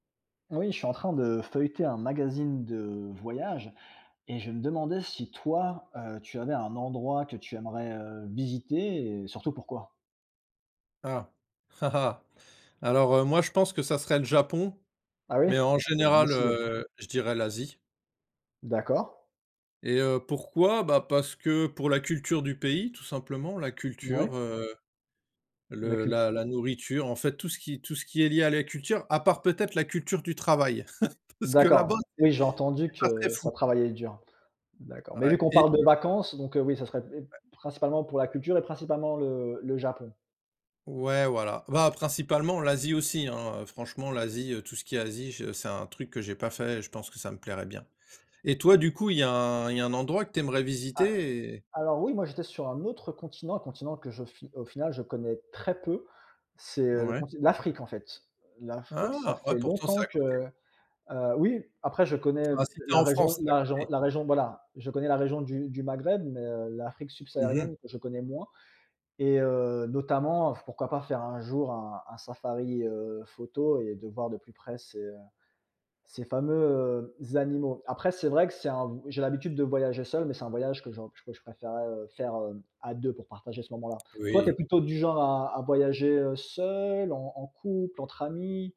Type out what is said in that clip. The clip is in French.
Oui, je suis en train de feuilleter un magazine de voyage et je me demandais si toi, heu, tu avais un endroit que tu aimerais, heu, visiter et surtout pourquoi? Ah! Alors, heu, moi je pense que ça serait le Japon, Ah oui? mais en Ah tu es général, motivé! heu, je dirais l'Asie. D'accord. Et heu, pourquoi? Ben parce que pour la culture du pays, tout simplement, la culture, Ouais. heu, La le cul la la nourriture en fait, tout ce qui tout ce qui est lié à la culture. À part, peut-être, la culture du travail, parce que là-bas D'accord. c'est Oui, j'ai entendu c'est pas très que fou. ça travaillait dur. D'accord. Mais Ouais vu qu'on et parle de et vacances, donc, heu, oui, ça serait p et p Ouais. principalement pour la culture et principalement le le Japon. Ouais, voilà. Bah principalement l'Asie aussi hein, heu, franchement l'Asie, heu, tout ce qui est Asie je c'est un truc que j'ai pas fait et je pense que ça me plairait bien. Et toi du coup, il y a un il y a un endroit que tu aimerais Ah! visiter et Alors oui, moi j'étais sur un autre continent, un continent que je fi au final, je connais très peu, c'est, heu, le Ouais. conti l'Afrique en fait. L'Afrique, ça Ah! Ouais, fait pourtant c'est longtemps à que, côté. heu oui, après je connais Ah, si tu es la en raison France, c'est à la jon côté. la région, voilà, je connais la région du du Maghreb, mais, heu, l'Afrique Mmh mh. subsaharienne que je connais moins, et heu, notamment f pourquoi pas faire un jour un un safari, heu, photo et de voir de plus près ces, heu, ces fameux, heu, animaux. Après, c'est vrai que c'est un j'ai l'habitude de voyager seul, mais c'est un voyage que je que je préférerais, heu, faire, heu, à 2 pour partager ce moment-là. Toi, tu es Oui. plutôt du genre à à voyager, heu, seul, en en couple, entre amis?